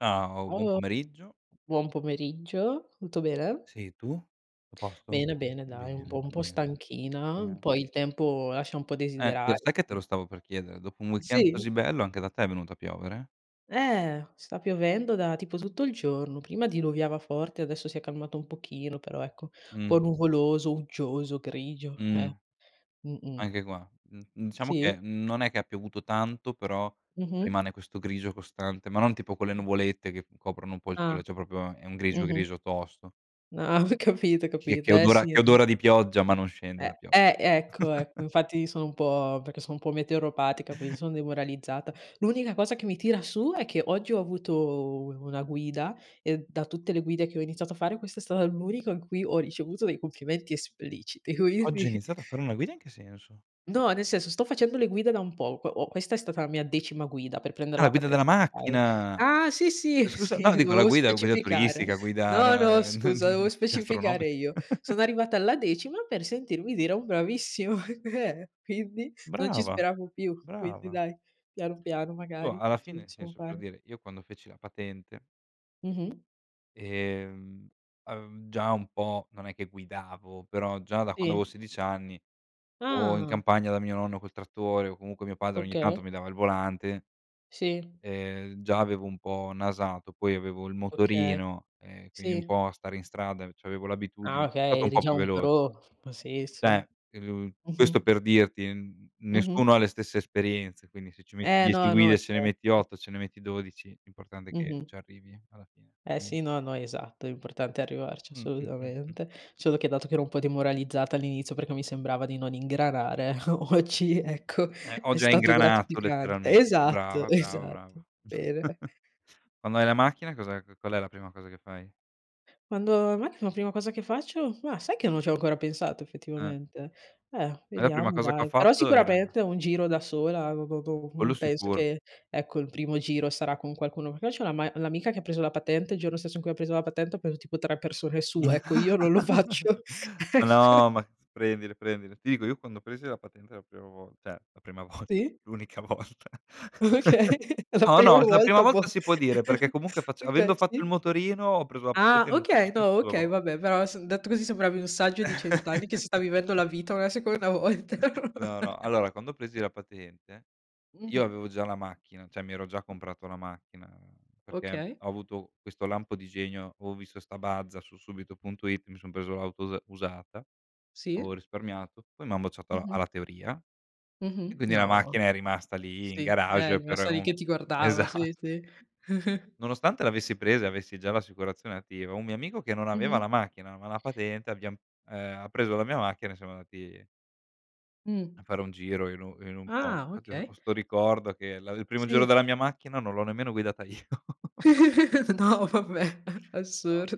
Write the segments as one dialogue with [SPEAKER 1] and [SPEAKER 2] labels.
[SPEAKER 1] Ciao. Buon
[SPEAKER 2] Ciao.
[SPEAKER 1] pomeriggio.
[SPEAKER 2] Buon pomeriggio. Tutto bene?
[SPEAKER 1] Sì, tu? Tutto a posto?
[SPEAKER 2] Bene, bene. Dai un
[SPEAKER 1] Bene,
[SPEAKER 2] po' un po'
[SPEAKER 1] bene.
[SPEAKER 2] stanchina.
[SPEAKER 1] Eh
[SPEAKER 2] Poi il tempo lascia un po'
[SPEAKER 1] Eh, io
[SPEAKER 2] desiderare,
[SPEAKER 1] sai che te
[SPEAKER 2] quindi
[SPEAKER 1] lo stavo per chiedere, dopo un weekend
[SPEAKER 2] Sì.
[SPEAKER 1] così bello anche da te è venuto a piovere?
[SPEAKER 2] Eh, sta piovendo da tipo tutto il giorno. Prima diluviava forte, adesso si è calmato un pochino. Però ecco, un po'
[SPEAKER 1] Mh.
[SPEAKER 2] nuvoloso, uggioso, grigio,
[SPEAKER 1] Mh.
[SPEAKER 2] eh. Mh-mh.
[SPEAKER 1] Anche qua, mhmm, diciamo che
[SPEAKER 2] Sì.
[SPEAKER 1] è non è che ha piovuto tanto, però,
[SPEAKER 2] Mh-mh.
[SPEAKER 1] rimane questo grigio costante, ma non tipo quelle
[SPEAKER 2] Mh.
[SPEAKER 1] nuvolette che coprono un po' il
[SPEAKER 2] Ah.
[SPEAKER 1] sole, cioè proprio è un grigio
[SPEAKER 2] Mh-mh.
[SPEAKER 1] grigio tosto.
[SPEAKER 2] Ah, ho capito, ho
[SPEAKER 1] Che
[SPEAKER 2] capito.
[SPEAKER 1] che
[SPEAKER 2] Eh,
[SPEAKER 1] odora
[SPEAKER 2] sì.
[SPEAKER 1] che odora di pioggia ma non scende
[SPEAKER 2] Eh,
[SPEAKER 1] la pioggia.
[SPEAKER 2] eh ecco, ecco, infatti sono un po' perché sono un po' meteoropatica, quindi son demoralizzata. L'unica cosa che mi tira su è che oggi ho avuto u una guida, e da tutte le guide che ho iniziato a fare questa è stata l'unico in cui ho ricevuto dei complimenti espliciti,
[SPEAKER 1] "Oggi ho
[SPEAKER 2] quindi
[SPEAKER 1] iniziato a fare una guida" in che senso?
[SPEAKER 2] No, nel senso sto facendo le guide da un poco, o questa è stata la mia decima guida per prender
[SPEAKER 1] Ah
[SPEAKER 2] la
[SPEAKER 1] la guida della
[SPEAKER 2] patente. Okay.
[SPEAKER 1] macchina!
[SPEAKER 2] Ah, sì, sì,
[SPEAKER 1] Scusa
[SPEAKER 2] sì.
[SPEAKER 1] no dico la
[SPEAKER 2] Dovevo
[SPEAKER 1] guida, guida
[SPEAKER 2] specificare.
[SPEAKER 1] turistica, guida
[SPEAKER 2] No,
[SPEAKER 1] no
[SPEAKER 2] no,
[SPEAKER 1] n
[SPEAKER 2] scusa,
[SPEAKER 1] n
[SPEAKER 2] dovevo specificare
[SPEAKER 1] gastronomica.
[SPEAKER 2] io. Sono arrivata alla decima per sentirmi dire un "bravissima". Eh, quindi non ci
[SPEAKER 1] Brava,
[SPEAKER 2] speravo più. Quindi
[SPEAKER 1] brava.
[SPEAKER 2] dai, piano, piano.
[SPEAKER 1] Tu
[SPEAKER 2] Magari
[SPEAKER 1] alla
[SPEAKER 2] ce la
[SPEAKER 1] fine, nel
[SPEAKER 2] possiamo
[SPEAKER 1] senso per
[SPEAKER 2] fare.
[SPEAKER 1] dire, io quando feci la patente
[SPEAKER 2] Mh-mh.
[SPEAKER 1] Ehm, uhm, già un po' non è che guidavo, però già da quando
[SPEAKER 2] Sì.
[SPEAKER 1] avevo 16 anni, o in
[SPEAKER 2] Ah.
[SPEAKER 1] campagna da mio nonno col trattore o comunque mio padre ogni tanto
[SPEAKER 2] Okay.
[SPEAKER 1] mi dava il volante.
[SPEAKER 2] Sì.
[SPEAKER 1] Ehm, già avevo un po' nasato, poi avevo il
[SPEAKER 2] Okay,
[SPEAKER 1] motorino e quindi un
[SPEAKER 2] sì.
[SPEAKER 1] po' a stare in strada, c'avevo
[SPEAKER 2] Ah,
[SPEAKER 1] l'abitudine, è stato
[SPEAKER 2] okay,
[SPEAKER 1] un
[SPEAKER 2] eri
[SPEAKER 1] po'
[SPEAKER 2] già
[SPEAKER 1] più
[SPEAKER 2] un
[SPEAKER 1] velo
[SPEAKER 2] pro. Sì, sì.
[SPEAKER 1] Cioè, mhmm, questo
[SPEAKER 2] Mh-mh.
[SPEAKER 1] per dirti, n
[SPEAKER 2] Mh-mh.
[SPEAKER 1] nessuno ha le stesse esperienze, quindi se ci metti
[SPEAKER 2] Eh,
[SPEAKER 1] 10
[SPEAKER 2] no, no,
[SPEAKER 1] guide ce ne metti
[SPEAKER 2] certo.
[SPEAKER 1] 8, ce ne metti 12, l'importante è che
[SPEAKER 2] Mh-mh.
[SPEAKER 1] ci arrivi alla fine.
[SPEAKER 2] Eh
[SPEAKER 1] Quindi.
[SPEAKER 2] sì, no, no, esatto, l'importante è arrivarci,
[SPEAKER 1] Mh-mh, mh-mh.
[SPEAKER 2] assolutamente. Solo che dato che ero un po' demoralizzata all'inizio perché mi sembrava di non ingranare o oggi, ecco,
[SPEAKER 1] Eh ho
[SPEAKER 2] è
[SPEAKER 1] già
[SPEAKER 2] stato
[SPEAKER 1] ingranato
[SPEAKER 2] gratificante.
[SPEAKER 1] letteralmente.
[SPEAKER 2] Esatto.
[SPEAKER 1] Brava, brava,
[SPEAKER 2] Esatto.
[SPEAKER 1] brava.
[SPEAKER 2] Bene.
[SPEAKER 1] Quando hai la macchina, cosa qual è la prima cosa che fai?
[SPEAKER 2] Quando ho ma la prima cosa che faccio? Ma sai che non ci ho ancora pensato
[SPEAKER 1] Ah.
[SPEAKER 2] effettivamente, eh
[SPEAKER 1] Eh la prima
[SPEAKER 2] vediamo
[SPEAKER 1] cosa che ho
[SPEAKER 2] dai, però
[SPEAKER 1] fatto era
[SPEAKER 2] sicuramente un giro da sola, do don
[SPEAKER 1] Quello
[SPEAKER 2] non penso
[SPEAKER 1] sicuro.
[SPEAKER 2] che ecco, il primo giro sarà con qualcuno. Perché c'ho l'ama l'amica che ha preso la patente, il giorno stesso in cui ha preso la patente ha preso tipo 3 persone su. Ecco, io non lo faccio,
[SPEAKER 1] Ma
[SPEAKER 2] ecco.
[SPEAKER 1] no, ma prendile, prendile. Ti dico, io quando presi la patente la prima vol cioè la prima volta,
[SPEAKER 2] Sì.
[SPEAKER 1] l'unica volta.
[SPEAKER 2] Okay, la
[SPEAKER 1] No,
[SPEAKER 2] prima
[SPEAKER 1] no, la prima
[SPEAKER 2] volta bom,
[SPEAKER 1] volta si può dire, perché comunque fac
[SPEAKER 2] okay,
[SPEAKER 1] avendo fatto il
[SPEAKER 2] sì.
[SPEAKER 1] motorino, ho preso la
[SPEAKER 2] Ah,
[SPEAKER 1] patente in un certo
[SPEAKER 2] okay.
[SPEAKER 1] senso
[SPEAKER 2] No.
[SPEAKER 1] 2
[SPEAKER 2] Okay,
[SPEAKER 1] vol
[SPEAKER 2] vabbè, però s detto così sembravi un saggio di 100 anni che si sta vivendo la vita una seconda volta.
[SPEAKER 1] No, no. Allora quando presi la patente io
[SPEAKER 2] Mh-mh.
[SPEAKER 1] avevo già la macchina. Cioè, mi ero già comprato la macchina perché
[SPEAKER 2] Okay?
[SPEAKER 1] ho avuto questo lampo di genio, avo visto sta mazda su subito.it mi son preso l'auto us usata avevo
[SPEAKER 2] Sì?
[SPEAKER 1] risparmiato, poi m'han bocciato alla
[SPEAKER 2] Mh-mh.
[SPEAKER 1] alla teoria, e
[SPEAKER 2] Mh-mh,
[SPEAKER 1] quindi la
[SPEAKER 2] no.
[SPEAKER 1] macchina è rimasta lì,
[SPEAKER 2] Sì,
[SPEAKER 1] in
[SPEAKER 2] eh è
[SPEAKER 1] garage per
[SPEAKER 2] rimasta lì
[SPEAKER 1] u
[SPEAKER 2] che ti guardava.
[SPEAKER 1] esatt
[SPEAKER 2] Sì, sì.
[SPEAKER 1] Nonostante l'avessi presa e avessi già l'assicurazione attiva, un mio amico che non aveva
[SPEAKER 2] Mh-mh.
[SPEAKER 1] la macchina, ma la patente, abbiam ehm, ha preso la mia macchina e siamo andati A
[SPEAKER 2] Mh.
[SPEAKER 1] fare un giro in un in un po
[SPEAKER 2] Ah,
[SPEAKER 1] Infatti ho ho
[SPEAKER 2] okay.
[SPEAKER 1] 'sto ricordo che la il primo giro
[SPEAKER 2] Sì.
[SPEAKER 1] della mia macchina non l'ho nemmeno guidata io.
[SPEAKER 2] No, vabbè,
[SPEAKER 1] No
[SPEAKER 2] assur
[SPEAKER 1] [unintelligible]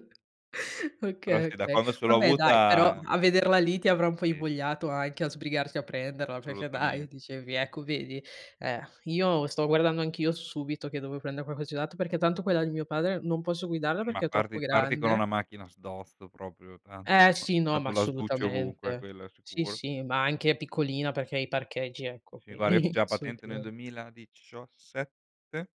[SPEAKER 1] Però
[SPEAKER 2] Okay,
[SPEAKER 1] sì, da
[SPEAKER 2] okay.
[SPEAKER 1] quando ce l'ho
[SPEAKER 2] Vabbè, dai, però
[SPEAKER 1] avuta
[SPEAKER 2] a vederla lì ti avrà un po'
[SPEAKER 1] Sì.
[SPEAKER 2] invogliato anche a sbrigarsi a prenderla perché dai,
[SPEAKER 1] Solutamen
[SPEAKER 2] dicevi ecco vedi. Eh, io sto guardando anch'io su Subito che dovevo prendere qualcosa di usato perché tanto quella di mio padre non posso guidarla
[SPEAKER 1] Ma
[SPEAKER 2] perché è troppo
[SPEAKER 1] parti parti con
[SPEAKER 2] grande.
[SPEAKER 1] una macchina sdosto proprio tranto
[SPEAKER 2] Eh, sì, no, ma
[SPEAKER 1] tanto la sbucci ovunque,
[SPEAKER 2] assolutamente.
[SPEAKER 1] quello è
[SPEAKER 2] Sì,
[SPEAKER 1] sicuro.
[SPEAKER 2] sì, ma anche piccolina perché i parcheggi
[SPEAKER 1] Uhm,
[SPEAKER 2] ecco
[SPEAKER 1] sì, guarda, io feci
[SPEAKER 2] quindi
[SPEAKER 1] la patente nel
[SPEAKER 2] assolutamen
[SPEAKER 1] duemiladicioassette?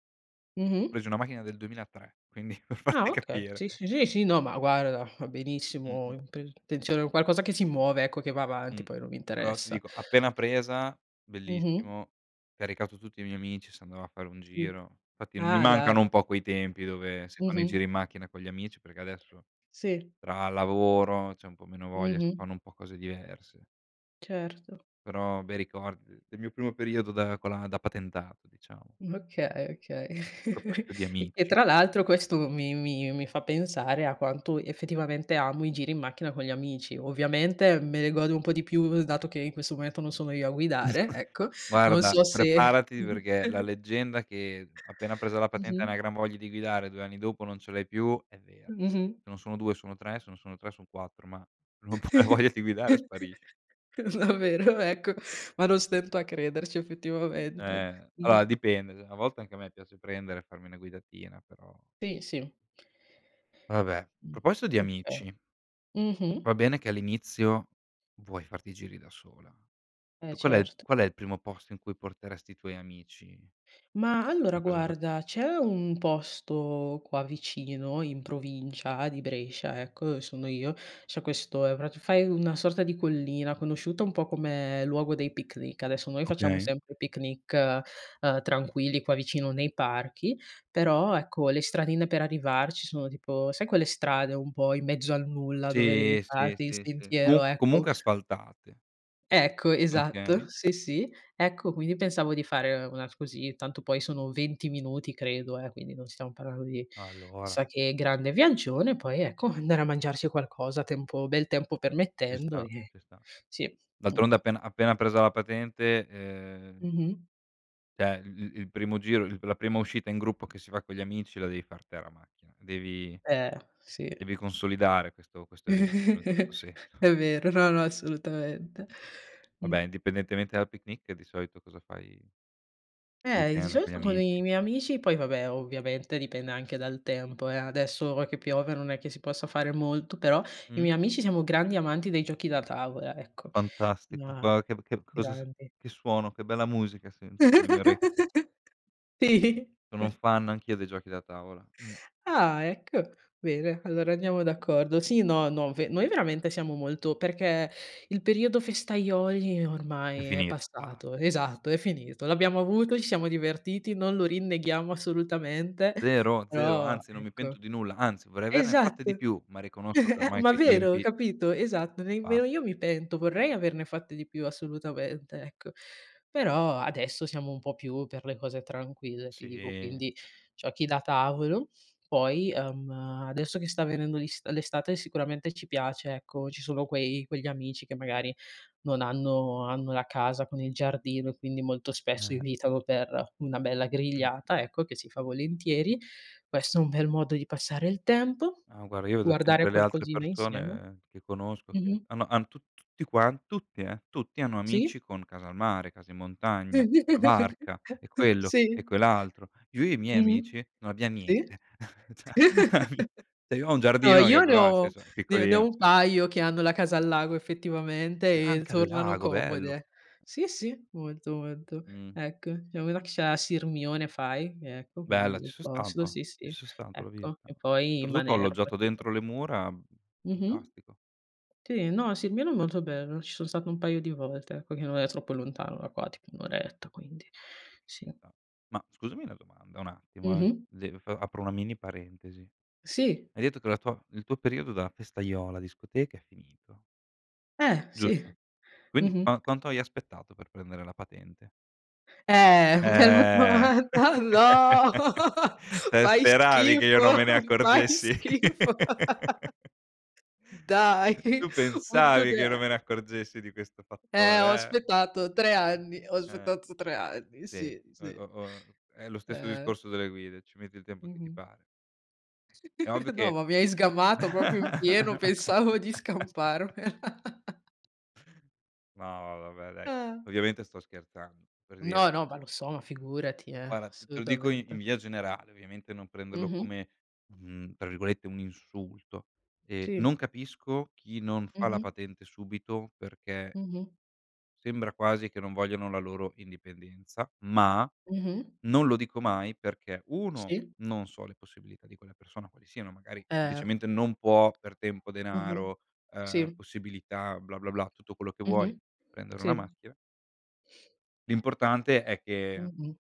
[SPEAKER 2] Mh-mh.
[SPEAKER 1] Presi una macchina del 2003, quindi per
[SPEAKER 2] Ah,
[SPEAKER 1] farti
[SPEAKER 2] okay.
[SPEAKER 1] capire.
[SPEAKER 2] Sì, sì, sì, sì. No, ma guarda, va benissimo.
[SPEAKER 1] Mh-mh.
[SPEAKER 2] Int intenzione qualcosa che si muove ecco, che va avanti,
[SPEAKER 1] Mh.
[SPEAKER 2] poi non mi
[SPEAKER 1] Però ti
[SPEAKER 2] interessa.
[SPEAKER 1] dico, appena presa,
[SPEAKER 2] Mh-mh.
[SPEAKER 1] bellissimo, caricato tutti i miei amici, si andava a fare un
[SPEAKER 2] Sì.
[SPEAKER 1] giro. Infatti mi
[SPEAKER 2] Ah, dai.
[SPEAKER 1] mancano un po' quei tempi dove si fanno i
[SPEAKER 2] Mh-mh.
[SPEAKER 1] giri in macchina con gli amici, perché adesso,
[SPEAKER 2] Sì.
[SPEAKER 1] tra lavoro c'è un po' meno voglia, si
[SPEAKER 2] Mh-mh.
[SPEAKER 1] fanno un po' cose diverse.
[SPEAKER 2] Certo.
[SPEAKER 1] Però bei ricordi de del mio primo periodo da con la da patentato, diciamo.
[SPEAKER 2] Mh, okay, okay.
[SPEAKER 1] A proposito di
[SPEAKER 2] E che
[SPEAKER 1] amici
[SPEAKER 2] tra l'altro questo mi mi mi fa pensare a quanto effettivamente amo i giri in macchina con gli amici. Ovviamente me ne godo un po' di più, dato che in questo momento non sono io a guidare, ecco. Non
[SPEAKER 1] Guarda,
[SPEAKER 2] so se
[SPEAKER 1] preparati perché la leggenda che appena presa la patente hai una
[SPEAKER 2] Mh-mh.
[SPEAKER 1] gran voglia di guidare, 2 anni dopo non ce l'hai più, è vera.
[SPEAKER 2] Mh-mh.
[SPEAKER 1] Se non sono 2 sono 3, se non sono 3 son 4, ma non puoi la voglia di guidare sparisce.
[SPEAKER 2] Davvero? Ecco, ma non stento a crederci effettivamente.
[SPEAKER 1] Eh, allora
[SPEAKER 2] Mh.
[SPEAKER 1] dipende. [unintelligible] A volte anche a me piace prendere e farmi una guidatina, però
[SPEAKER 2] Sì, sì.
[SPEAKER 1] Vabbè,
[SPEAKER 2] Mh.
[SPEAKER 1] proposito di
[SPEAKER 2] Okay.
[SPEAKER 1] amici
[SPEAKER 2] Mh-mh.
[SPEAKER 1] va bene che all'inizio vuoi farti giri da sola.
[SPEAKER 2] Eh,
[SPEAKER 1] Qual è
[SPEAKER 2] certo.
[SPEAKER 1] qual è il primo posto in cui porteresti i tuoi amici
[SPEAKER 2] Mah, allora
[SPEAKER 1] pena preso la pate
[SPEAKER 2] guarda c'è un posto qua vicino, in provincia di Brescia ecco, sono io, c'è questo, ehm, prati fai una sorta di collina conosciuta un po' come luogo dei picnic. Adesso noi facciamo
[SPEAKER 1] Okay.
[SPEAKER 2] sempre picnic, ehm, tranquilli qua vicino nei parchi, però ecco le stradine per arrivarci sono tipo sai quelle strade un po' in mezzo al nulla dove devi
[SPEAKER 1] Sì, sì,
[SPEAKER 2] farti il
[SPEAKER 1] sì, sì.
[SPEAKER 2] sentiero,
[SPEAKER 1] Comunq
[SPEAKER 2] ecco
[SPEAKER 1] comunque asfaltate.
[SPEAKER 2] Ecco, esatto.
[SPEAKER 1] Okay.
[SPEAKER 2] Sì, sì, ecco quindi pensavo di fare, ehm, una s così, tanto poi sono 20 minuti credo, eh, quindi non stiamo parlando di,
[SPEAKER 1] Allora.
[SPEAKER 2] chissà che grande viaggione, poi ecco andare a mangiarci qualcosa tempo bel tempo
[SPEAKER 1] Ci
[SPEAKER 2] permettendo,
[SPEAKER 1] sta,
[SPEAKER 2] ehm
[SPEAKER 1] ci sta.
[SPEAKER 2] sì,
[SPEAKER 1] D'altronde
[SPEAKER 2] mh-mh.
[SPEAKER 1] appena appena presa la patente, ehm
[SPEAKER 2] Mh-mh.
[SPEAKER 1] cioè i i il primo giro, il la prima uscita in gruppo che si fa con gli amici la devi far te la macchina, devi
[SPEAKER 2] Eh, sì.
[SPEAKER 1] devi consolidare questo questo evento in un certo senso.
[SPEAKER 2] È vero, no, no, assolutamente.
[SPEAKER 1] Vabbè,
[SPEAKER 2] Mh.
[SPEAKER 1] indipendentemente dal picnic, di solito cosa fai
[SPEAKER 2] Eh, i di
[SPEAKER 1] weekend con gli
[SPEAKER 2] solito con i
[SPEAKER 1] amici?
[SPEAKER 2] miei amici poi vabbè, ovviamente dipende anche dal tempo, eh. Adesso, ora che piove, non è che si possa fare molto. Però i
[SPEAKER 1] Mh.
[SPEAKER 2] miei amici siamo grandi amanti dei giochi da tavola, ecco.
[SPEAKER 1] Fantastico.
[SPEAKER 2] Ma
[SPEAKER 1] Guarda che b che cosa s
[SPEAKER 2] grandi.
[SPEAKER 1] che suono, che bella musica sentono le mie ore
[SPEAKER 2] Sì.
[SPEAKER 1] Sono fan anch'io dei giochi da tavola. Mh.
[SPEAKER 2] Ah ecco. Bene, allora andiamo d'accordo, sì no, no ve noi veramente siamo molto perché il periodo festaioli
[SPEAKER 1] È
[SPEAKER 2] ormai è
[SPEAKER 1] finito. Basta,
[SPEAKER 2] passato
[SPEAKER 1] bas
[SPEAKER 2] esatto, è finito. L'abbiamo avuto, ci siamo divertiti, non lo rinneghiamo assolutamente,
[SPEAKER 1] Zero, zero,
[SPEAKER 2] però
[SPEAKER 1] anzi, non mi
[SPEAKER 2] ecco
[SPEAKER 1] pento di nulla, anzi, vorrei averne fatte di
[SPEAKER 2] esatto.
[SPEAKER 1] più, ma riconosco che ormai
[SPEAKER 2] Ma
[SPEAKER 1] quei
[SPEAKER 2] vero,
[SPEAKER 1] tempi
[SPEAKER 2] capito? Esatto,
[SPEAKER 1] Bas
[SPEAKER 2] nemmeno io mi pento. Vorrei averne fatte di più, assolutamente, ecco. Però adesso siamo un po' più per le cose tranquille, ti dico
[SPEAKER 1] Sì.
[SPEAKER 2] quindi giochi da tavolo, poi, ehm, adesso che sta venendo l'ist l'estate sicuramente ci piace, ecco, ci sono quei quegli amici che magari non hanno hanno la casa con il giardino e quindi molto spesso
[SPEAKER 1] Eh.
[SPEAKER 2] invitano per una bella
[SPEAKER 1] Mh.
[SPEAKER 2] grigliata, ecco, che si fa volentieri. Questo è un bel modo di passare il tempo,
[SPEAKER 1] Ah, guarda, io vedo
[SPEAKER 2] guardare
[SPEAKER 1] sempre le altre
[SPEAKER 2] qualcosina insieme.
[SPEAKER 1] persone che conosco che
[SPEAKER 2] Mh-mh.
[SPEAKER 1] hannno hanno tu tutti quan tutti, eh, tutti hanno
[SPEAKER 2] Sì.
[SPEAKER 1] amici con casa al mare, casa in montagna, la barca e quello e
[SPEAKER 2] Sì.
[SPEAKER 1] quell'altro. Io e i miei
[SPEAKER 2] Mh-mh.
[SPEAKER 1] amici non abbiam
[SPEAKER 2] Sì.
[SPEAKER 1] niente. Cioè [unintelligible] cioè cioè io ho un
[SPEAKER 2] No,
[SPEAKER 1] giardino
[SPEAKER 2] io
[SPEAKER 1] che
[SPEAKER 2] ne
[SPEAKER 1] però nel
[SPEAKER 2] ho
[SPEAKER 1] senso è
[SPEAKER 2] ne ne ho
[SPEAKER 1] piccolino.
[SPEAKER 2] un paio che hanno la casa al lago effettivamente e
[SPEAKER 1] Anche al
[SPEAKER 2] tornano
[SPEAKER 1] lago. Bello!
[SPEAKER 2] comode. Sì, sì, molto, molto.
[SPEAKER 1] Mh.
[SPEAKER 2] Ecco. Ce n'è uno che ce l'ha a Sirmione fai, ecco, quindi
[SPEAKER 1] Bella. Ci
[SPEAKER 2] bel
[SPEAKER 1] son
[SPEAKER 2] posto.
[SPEAKER 1] stato.
[SPEAKER 2] Sì,
[SPEAKER 1] Ci
[SPEAKER 2] sì,
[SPEAKER 1] son stato l'ho
[SPEAKER 2] ecco.
[SPEAKER 1] vista.
[SPEAKER 2] E poi
[SPEAKER 1] Oltretutto ho
[SPEAKER 2] Manerba
[SPEAKER 1] alloggiato
[SPEAKER 2] tipo.
[SPEAKER 1] dentro le mura, mhmm,
[SPEAKER 2] Mh-mh.
[SPEAKER 1] fantastico.
[SPEAKER 2] Sì, no, Sirmione è molto bello, ci son
[SPEAKER 1] Mh.
[SPEAKER 2] stato un paio di volte, ecco, che non è troppo lontano da qua, tipo 1 oretta, quindi
[SPEAKER 1] Ci
[SPEAKER 2] sì.
[SPEAKER 1] sta. Ma scusami una domanda. Un attimo, eh.
[SPEAKER 2] Mh-mh.
[SPEAKER 1] De f apro una mini parentesi.
[SPEAKER 2] Sì.
[SPEAKER 1] Hai detto che la tua il tuo periodo della festaiola discoteca è finito
[SPEAKER 2] Eh, sì.
[SPEAKER 1] Giusto, quindi
[SPEAKER 2] Mh-mh.
[SPEAKER 1] qua quanto hai aspettato per prendere la patente?
[SPEAKER 2] Eh bella
[SPEAKER 1] Eh!
[SPEAKER 2] domanda. "No!
[SPEAKER 1] Te
[SPEAKER 2] Fai
[SPEAKER 1] speravi che io non
[SPEAKER 2] schifo,
[SPEAKER 1] me ne
[SPEAKER 2] fai
[SPEAKER 1] accorgessi.
[SPEAKER 2] schifo!" Dai!
[SPEAKER 1] Tu pensavi che io non
[SPEAKER 2] [unintelligible]
[SPEAKER 1] me ne accorgessi di questo
[SPEAKER 2] Eh, ho
[SPEAKER 1] fattore, eh?
[SPEAKER 2] aspettato 3
[SPEAKER 1] [unintelligible]
[SPEAKER 2] anni, ho
[SPEAKER 1] Eh.
[SPEAKER 2] aspettato 3 anni, sì,
[SPEAKER 1] Senti, o e
[SPEAKER 2] sì.
[SPEAKER 1] o o è lo stesso
[SPEAKER 2] Eh.
[SPEAKER 1] discorso delle guide, ci metti il tempo che ti
[SPEAKER 2] Mh-mh.
[SPEAKER 1] pare. È ovvio
[SPEAKER 2] No,
[SPEAKER 1] che
[SPEAKER 2] ma mi hai sgamato proprio in pieno, pensavo di scamparmela.
[SPEAKER 1] No ma vabbè dai.
[SPEAKER 2] Ah.
[SPEAKER 1] Ovviamente sto scherzando. Per dire
[SPEAKER 2] No, no, ma lo so, ma figurati, eh,
[SPEAKER 1] Guarda, t te lo dico i
[SPEAKER 2] assolutamente.
[SPEAKER 1] in via generale, ovviamente non prenderlo
[SPEAKER 2] Mh-mh.
[SPEAKER 1] come, mhmm, tra virgolette, un "insulto", ehm,
[SPEAKER 2] Sì.
[SPEAKER 1] non capisco chi non fa la
[SPEAKER 2] Mh-mh.
[SPEAKER 1] patente subito, perché
[SPEAKER 2] Mh-mh.
[SPEAKER 1] sembra quasi che non vogliano la loro indipendenza. Ma
[SPEAKER 2] Mh-mh.
[SPEAKER 1] non lo dico mai perché: 1,
[SPEAKER 2] Sì.
[SPEAKER 1] non so le possibilità di quella persona quali siano, magari
[SPEAKER 2] Eh.
[SPEAKER 1] semplicemente non può per tempo,
[SPEAKER 2] Mh-mh.
[SPEAKER 1] denaro, ehm,
[SPEAKER 2] Sì.
[SPEAKER 1] possibilità, bla, bla, bla, tutto quello che vuoi
[SPEAKER 2] Mh-mh.
[SPEAKER 1] prendere una
[SPEAKER 2] Sì.
[SPEAKER 1] macchina L'importante è che
[SPEAKER 2] Mh-mh.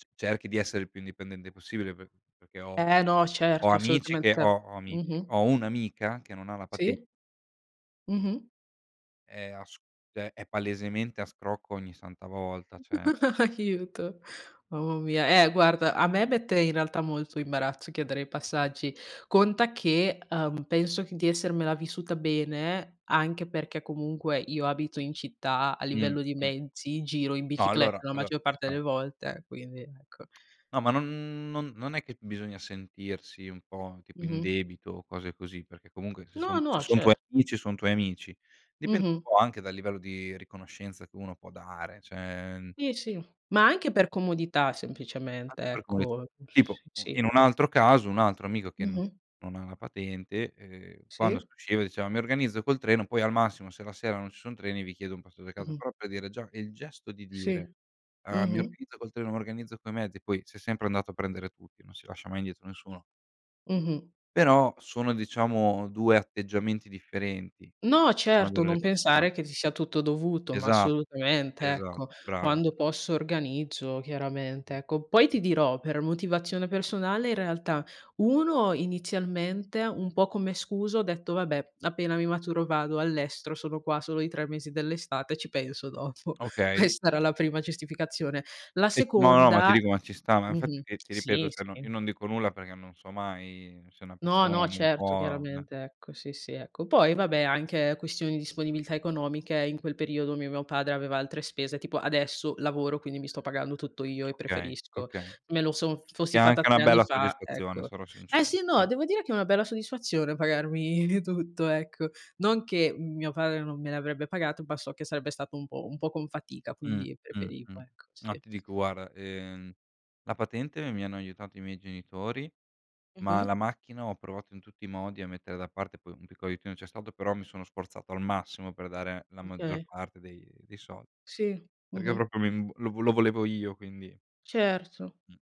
[SPEAKER 1] c cerchi di essere il più indipendente possibile pe perché ho
[SPEAKER 2] Eh no
[SPEAKER 1] ho
[SPEAKER 2] certo.
[SPEAKER 1] amici che
[SPEAKER 2] Assolutamente,
[SPEAKER 1] ho ho amici
[SPEAKER 2] mh-mh.
[SPEAKER 1] ho un'amica che non ha la paten
[SPEAKER 2] Sì.
[SPEAKER 1] e,
[SPEAKER 2] Mh-mh.
[SPEAKER 1] è a s cioè è palesemente a scrocco ogni santa volta, cioè.
[SPEAKER 2] Aiuto. Mamma mia, eh guarda a me mette in realtà molto imbarazzo chiedere i passaggi, conta che, uhm, penso di essermela vissuta bene, anche perché comunque io abito in città a livello di
[SPEAKER 1] Mh-mh.
[SPEAKER 2] mezzi, giro in
[SPEAKER 1] No allora
[SPEAKER 2] bicicletta la
[SPEAKER 1] allo
[SPEAKER 2] maggior
[SPEAKER 1] ci
[SPEAKER 2] parte delle
[SPEAKER 1] sta.
[SPEAKER 2] volte, quindi ecco
[SPEAKER 1] No ma non non non è che bisogna sentirsi un po', tipo, in
[SPEAKER 2] Mh-mh.
[SPEAKER 1] debito o cose così, perché comunque se
[SPEAKER 2] No,
[SPEAKER 1] son se
[SPEAKER 2] no
[SPEAKER 1] son tuoi
[SPEAKER 2] cer
[SPEAKER 1] amici, son tuoi amici. Dipende un
[SPEAKER 2] Mh-mh.
[SPEAKER 1] po' anche dal livello di riconoscenza che uno può dare, cioè
[SPEAKER 2] Sì, sì, ma anche per comodità semplicemente,
[SPEAKER 1] Anche per comit
[SPEAKER 2] ecco, s
[SPEAKER 1] tipo un
[SPEAKER 2] sì.
[SPEAKER 1] in un altro caso un altro amico che non
[SPEAKER 2] Mh-mh.
[SPEAKER 1] non ha la patente, uhm, quando si
[SPEAKER 2] Sì.
[SPEAKER 1] usciva diceva: "Mi organizzo col treno poi, al massimo, se la sera non ci son treni vi chiedo un passaggio a casa."
[SPEAKER 2] Mh-mh.
[SPEAKER 1] Però per dire già è il gesto di
[SPEAKER 2] Sì.
[SPEAKER 1] dire, uhm: "Mi
[SPEAKER 2] Mh-mh.
[SPEAKER 1] organizzo col treno, mi organizzo coi mezzi." Poi si è sempre andato a prendere tutti, non si lascia mai indietro nessuno.
[SPEAKER 2] Mh-mh.
[SPEAKER 1] Però sono, diciamo 2 atteggiamenti differenti.
[SPEAKER 2] No,
[SPEAKER 1] Sono
[SPEAKER 2] certo.
[SPEAKER 1] delle
[SPEAKER 2] Non
[SPEAKER 1] persone.
[SPEAKER 2] pensare che ti sia tutto dovuto, ma
[SPEAKER 1] Esa
[SPEAKER 2] assolutamente
[SPEAKER 1] esa
[SPEAKER 2] ecco.
[SPEAKER 1] brava.
[SPEAKER 2] Quando posso organizzo, chiaramente.
[SPEAKER 1] [unintelligible]
[SPEAKER 2] Ecco, poi ti dirò per motivazione personale in realtà 1 inizialmente un po' come scusa ho detto: "Vabbè, appena mi maturo vado all'estero. Sono qua solo i 3 mesi dell'estate. Ci penso dopo."
[SPEAKER 1] Okay.
[SPEAKER 2] Questa era la prima giustificazione. La
[SPEAKER 1] Es no, no, ma ti
[SPEAKER 2] seconda
[SPEAKER 1] dico ma ci sta. Ma
[SPEAKER 2] mh-mh,
[SPEAKER 1] infatti ti ti
[SPEAKER 2] sì,
[SPEAKER 1] ripeto, cioè no io
[SPEAKER 2] sì.
[SPEAKER 1] non dico nulla perché non so mai se una
[SPEAKER 2] No,
[SPEAKER 1] persona
[SPEAKER 2] no,
[SPEAKER 1] non
[SPEAKER 2] certo,
[SPEAKER 1] può eh.
[SPEAKER 2] chiaramente. Ecco, sì, sì, ecco. Poi vabbè, anche questioni di disponibilità economiche in quel periodo mi mio padre aveva altre spese, tipo adesso lavoro, quindi mi sto pagando tutto io e
[SPEAKER 1] Okay,
[SPEAKER 2] preferisco.
[SPEAKER 1] okay.
[SPEAKER 2] Me lo son
[SPEAKER 1] Che è
[SPEAKER 2] fossi fatta
[SPEAKER 1] anche una
[SPEAKER 2] 3 anni
[SPEAKER 1] bella
[SPEAKER 2] fa,
[SPEAKER 1] soddisfazione.
[SPEAKER 2] ecco.
[SPEAKER 1] Sarò
[SPEAKER 2] Eh
[SPEAKER 1] sincero.
[SPEAKER 2] sì, no,
[SPEAKER 1] Eh.
[SPEAKER 2] devo dire che è una bella soddisfazione pagarmi di tutto, ecco. Non che mio padre non me l'avrebbe pagato, ma so che sarebbe stato un po' un po' con fatica,
[SPEAKER 1] Mh,
[SPEAKER 2] quindi
[SPEAKER 1] mh,
[SPEAKER 2] preferivo
[SPEAKER 1] mh.
[SPEAKER 2] ecco,
[SPEAKER 1] Ma
[SPEAKER 2] sì.
[SPEAKER 1] ti dico guarda, ehm, la patente mi hanno aiutato i miei genitori, ma
[SPEAKER 2] Mh-mh.
[SPEAKER 1] la macchina ho provato in tutti i modi a mettere da parte, poi un piccolo aiutino c'è stato però mi sono sforzato al massimo per dare la maggior
[SPEAKER 2] Okay.
[SPEAKER 1] parte dei dei soldi.
[SPEAKER 2] Sì,
[SPEAKER 1] Perché
[SPEAKER 2] mh-mh.
[SPEAKER 1] proprio mi lo lo volevo io, quindi
[SPEAKER 2] Certo.
[SPEAKER 1] Mh.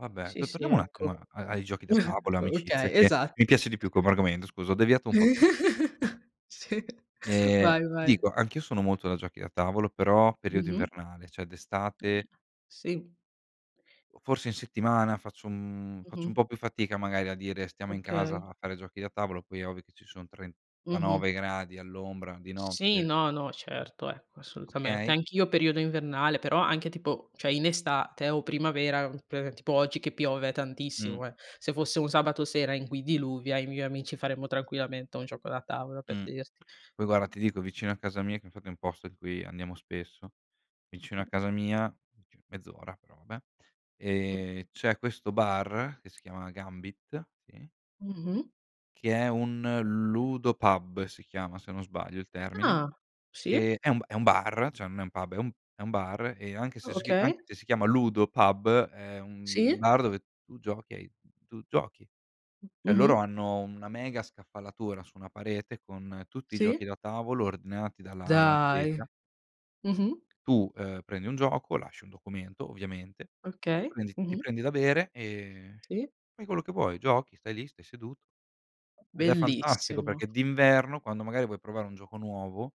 [SPEAKER 1] Vabbè,
[SPEAKER 2] Sì,
[SPEAKER 1] to
[SPEAKER 2] sì,
[SPEAKER 1] torniamo un attimo a
[SPEAKER 2] ecco.
[SPEAKER 1] a ai giochi da tavolo,
[SPEAKER 2] O
[SPEAKER 1] amicizie,
[SPEAKER 2] okay,
[SPEAKER 1] che mi
[SPEAKER 2] esatto.
[SPEAKER 1] piace di più come argomento, scusa, ho deviato un po'.
[SPEAKER 2] Sì,
[SPEAKER 1] Ehm,
[SPEAKER 2] vai vai.
[SPEAKER 1] dico anch'io sono molto da giochi da tavolo, però periodo
[SPEAKER 2] Mh-mh.
[SPEAKER 1] invernale, cioè d'estate
[SPEAKER 2] [unintelligible] .Sì.
[SPEAKER 1] o forse in settimana faccio un faccio un
[SPEAKER 2] Mh-mh.
[SPEAKER 1] po' più fatica magari a dire stiamo in casa
[SPEAKER 2] Okay.
[SPEAKER 1] a fare giochi da tavolo, poi è ovvio che ci sono
[SPEAKER 2] Mh-mh.
[SPEAKER 1] 39 gradi all'ombra di
[SPEAKER 2] Sì,
[SPEAKER 1] notte.
[SPEAKER 2] no, no,
[SPEAKER 1] Eh.
[SPEAKER 2] certo, ecco, assolutamente.
[SPEAKER 1] Okay.
[SPEAKER 2] Anch'io periodo invernale, però anche tipo cioè in estate o primavera, ehm, per tipo oggi che piove
[SPEAKER 1] Mh.
[SPEAKER 2] tantissimo eh. Se fosse un sabato sera in cui diluvia io e i miei amici faremmo tranquillamente un gioco da tavola, per
[SPEAKER 1] Mh.
[SPEAKER 2] dirti.
[SPEAKER 1] Poi guarda, ti dico, vicino a casa mia, che infatti è un posto in cui andiamo spesso, vicino a
[SPEAKER 2] Mh.
[SPEAKER 1] casa mia, cioè mezz'ora però vabbè,
[SPEAKER 2] Mh.
[SPEAKER 1] ehm, c'è questo bar che si chiama Gambit, sì
[SPEAKER 2] Mh-mh.
[SPEAKER 1] che è un ludo pub, si chiama se non sbaglio il termine,
[SPEAKER 2] Ah! Sì.
[SPEAKER 1] che è un è un bar, cioè non è un pub, è un è un bar e anche
[SPEAKER 2] O
[SPEAKER 1] se c'è sc anche si chi
[SPEAKER 2] okay.
[SPEAKER 1] anche se si chiama ludo pub è un un
[SPEAKER 2] Sì.
[SPEAKER 1] bar dove tu giochi e hai tu giochi. Cioè loro
[SPEAKER 2] Mh-mh.
[SPEAKER 1] hanno una mega scaffalatura su una parete con tutti i
[SPEAKER 2] Sì.
[SPEAKER 1] giochi da tavolo ordinati dalla A alla Z.
[SPEAKER 2] Dai! Mh-mh.
[SPEAKER 1] Tu, ehm, prendi un gioco, lasci un documento ovviamente,
[SPEAKER 2] Okay.
[SPEAKER 1] prendi ti
[SPEAKER 2] Mh-mh.
[SPEAKER 1] prendi da bere, ehm,
[SPEAKER 2] Sì.
[SPEAKER 1] fai quello che vuoi, giochi, stai lì, stai seduto. Ed è fantastico
[SPEAKER 2] Bellissimo.
[SPEAKER 1] perché d'inverno, quando magari vuoi provare un gioco nuovo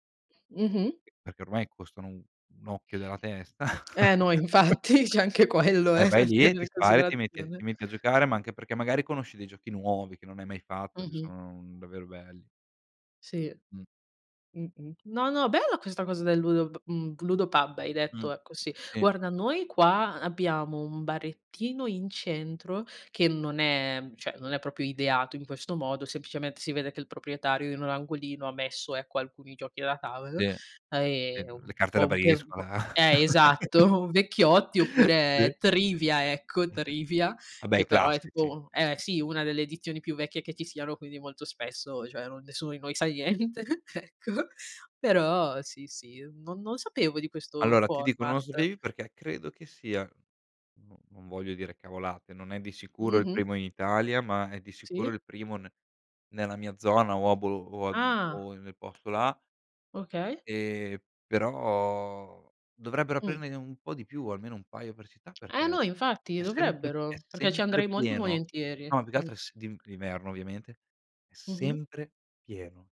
[SPEAKER 2] Mh-mh.
[SPEAKER 1] Perché ormai costano un un occhio della testa.
[SPEAKER 2] Eh no, infatti c'è anche quello
[SPEAKER 1] E
[SPEAKER 2] eh, da
[SPEAKER 1] vai lì,
[SPEAKER 2] tenere
[SPEAKER 1] ti
[SPEAKER 2] in
[SPEAKER 1] spari e ti metti
[SPEAKER 2] considerazione.
[SPEAKER 1] ti metti a giocare, ma anche perché magari conosci dei giochi nuovi che non hai mai fatto, che
[SPEAKER 2] Mh-mh.
[SPEAKER 1] sono davvero belli.
[SPEAKER 2] Sì.
[SPEAKER 1] Mh.
[SPEAKER 2] Mh-mh, no, no, bella questa cosa del ludo p mhmm, Ludo Pub, hai
[SPEAKER 1] Mh,
[SPEAKER 2] detto ecco, sì.
[SPEAKER 1] sì.
[SPEAKER 2] Guarda noi qua abbiamo un barettino in centro, che non è cioè non è proprio ideato in questo modo, semplicemente si vede che il proprietario in un angolino ha messo, ecco, alcuni giochi da tavolo,
[SPEAKER 1] Sì, sì,
[SPEAKER 2] ehm, un
[SPEAKER 1] le carte da
[SPEAKER 2] po' un pe un po'
[SPEAKER 1] briscola.
[SPEAKER 2] eh, esatto, vecchiotti
[SPEAKER 1] Sì.
[SPEAKER 2] oppure Trivia, ecco, Trivia,
[SPEAKER 1] Vabbè, i
[SPEAKER 2] che però è
[SPEAKER 1] classici
[SPEAKER 2] tipo
[SPEAKER 1] ci
[SPEAKER 2] eh
[SPEAKER 1] sta.
[SPEAKER 2] sì, una delle edizioni più vecchie che ci siano, quindi molto spesso cioè non nessuno di noi sa niente, ecco; però sì, sì, non non sapevo di questo
[SPEAKER 1] Allora ti dico non lo
[SPEAKER 2] format.
[SPEAKER 1] sapevi perché credo che sia non non voglio dire cavolate, non è di sicuro il
[SPEAKER 2] Mh-mh.
[SPEAKER 1] primo in Italia, ma è di sicuro
[SPEAKER 2] Sì.
[SPEAKER 1] il primo ne nella mia zona o a bolo o a mhmm,
[SPEAKER 2] Ah.
[SPEAKER 1] o nel posto là
[SPEAKER 2] Okay.
[SPEAKER 1] ehm, però dovrebbero
[SPEAKER 2] Mh.
[SPEAKER 1] aprirne un po' di più, almeno un paio per città,
[SPEAKER 2] Ah, no,
[SPEAKER 1] perché
[SPEAKER 2] infatti
[SPEAKER 1] è sempre pie è
[SPEAKER 2] dovrebbero. Perché ci
[SPEAKER 1] sempre
[SPEAKER 2] andrei molto
[SPEAKER 1] pieno.
[SPEAKER 2] volentieri.
[SPEAKER 1] No, ma più che
[SPEAKER 2] Mh.
[SPEAKER 1] altro è s d'in d'inverno, ovviamente. È
[SPEAKER 2] Mh-mh.
[SPEAKER 1] sempre pieno.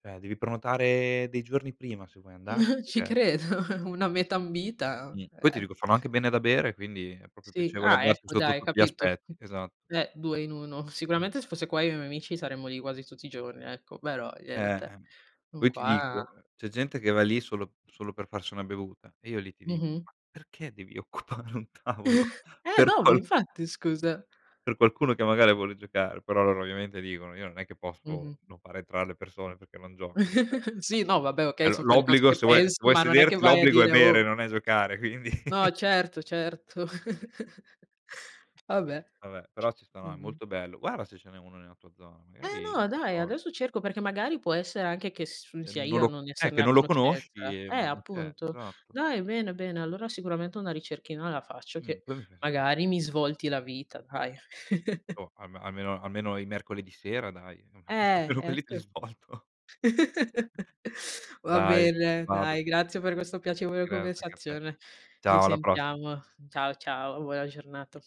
[SPEAKER 1] Cioè, devi prenotare dei giorni prima se vuoi andarci
[SPEAKER 2] Ci
[SPEAKER 1] perché
[SPEAKER 2] credo, una meta ambita,
[SPEAKER 1] Mh. Poi ti
[SPEAKER 2] eh.
[SPEAKER 1] dico fanno anche bene da bere, quindi è proprio
[SPEAKER 2] Sì.
[SPEAKER 1] piacevole
[SPEAKER 2] Ah,
[SPEAKER 1] andarci
[SPEAKER 2] ecco,
[SPEAKER 1] sotto
[SPEAKER 2] dai.
[SPEAKER 1] tutti gli
[SPEAKER 2] Capito?
[SPEAKER 1] aspetti, esatto.
[SPEAKER 2] Eh, 2 in 1.
[SPEAKER 1] Mh.
[SPEAKER 2] Sicuramente se fosse qua io e i miei amici saremmo lì quasi tutti i giorni, ecco, però
[SPEAKER 1] Eh,
[SPEAKER 2] niente.
[SPEAKER 1] ehm,
[SPEAKER 2] Non
[SPEAKER 1] poi ti
[SPEAKER 2] qua
[SPEAKER 1] dico c'è gente che va lì solo solo per farsi una bevuta e io lì ti dico:
[SPEAKER 2] Mh-mh.
[SPEAKER 1] "Ma perché devi occupare un tavolo
[SPEAKER 2] Eh
[SPEAKER 1] per
[SPEAKER 2] no, ma
[SPEAKER 1] qual"
[SPEAKER 2] infatti, scusa.
[SPEAKER 1] "per qualcuno che magari vuole giocare." Però loro ovviamente dicono: "Io non è che posso
[SPEAKER 2] Mh-mh.
[SPEAKER 1] non fare entrar le persone perché non giocano." Cioè
[SPEAKER 2] Sì, no, vabbè
[SPEAKER 1] eh,
[SPEAKER 2] okay,
[SPEAKER 1] l'o
[SPEAKER 2] son quelle cose
[SPEAKER 1] l'obbligo
[SPEAKER 2] che
[SPEAKER 1] se vuoi se
[SPEAKER 2] pensi,
[SPEAKER 1] vuoi
[SPEAKER 2] ma non è che
[SPEAKER 1] sederti
[SPEAKER 2] vai a
[SPEAKER 1] l'obbligo è
[SPEAKER 2] dire:
[SPEAKER 1] bere,
[SPEAKER 2] "Oh!"
[SPEAKER 1] non è giocare, quindi
[SPEAKER 2] No, certo, certo. Vabbè,
[SPEAKER 1] Vabbè, però ci sta. No, è
[SPEAKER 2] mh-mh.
[SPEAKER 1] molto bello. Guarda se ce n'è uno nella tua zona,
[SPEAKER 2] Eh
[SPEAKER 1] magari
[SPEAKER 2] no, dai,
[SPEAKER 1] provi.
[SPEAKER 2] adesso cerco perché magari può essere anche che s sia
[SPEAKER 1] Non
[SPEAKER 2] io a
[SPEAKER 1] lo
[SPEAKER 2] non
[SPEAKER 1] eh, che
[SPEAKER 2] esserne a
[SPEAKER 1] non lo
[SPEAKER 2] conoscenza.
[SPEAKER 1] conosci, e
[SPEAKER 2] Eh,
[SPEAKER 1] ma ma che è
[SPEAKER 2] appunto.
[SPEAKER 1] esatto.
[SPEAKER 2] Dai, bene, bene, allora sicuramente una ricerchina la faccio
[SPEAKER 1] Mh.
[SPEAKER 2] che
[SPEAKER 1] Poi mi fai sape
[SPEAKER 2] magari mi svolti la vita, dai.
[SPEAKER 1] Boh al almeno almeno i mercoledì sera dai,
[SPEAKER 2] Eh,
[SPEAKER 1] almeno quelli te li
[SPEAKER 2] ecco.
[SPEAKER 1] svolto.
[SPEAKER 2] Va
[SPEAKER 1] Dai,
[SPEAKER 2] bene,
[SPEAKER 1] vado.
[SPEAKER 2] dai. Grazie per questo piacevole
[SPEAKER 1] Grazie anche a te.
[SPEAKER 2] conversazione. Ci
[SPEAKER 1] Ciao. Alla prossima.
[SPEAKER 2] sentiamo. Ciao, ciao, buona giornata.